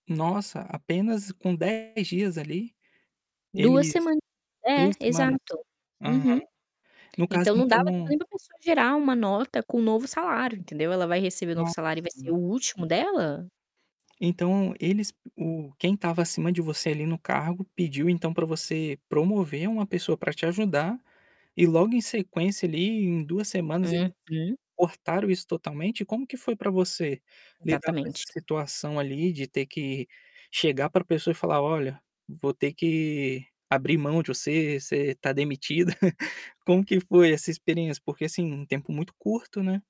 Nossa, apenas com 10 dias ali, 2 eles semanas, 2 é semanas? exato. Aham. Uhum. No caso Então não dava tempo então nem da pessoa gerar uma nota com um novo salário, entendeu. Ela vai receber o novo Nossa. salário e vai ser o último dela? Então eles o quem estava acima de você, ali, no cargo, pediu então para você promover uma pessoa para te ajudar, e logo em sequência ali, em 2 semanas eles Uhum. cortaram isso totalmente? Como que foi para você lidar com essa Exatamente. situação ali de ter que chegar para a pessoa e falar: "Olha, vou ter que abrir mão de você. Você tá demitida"? Como que foi essa experiência? Porque assim, um tempo muito curto, né.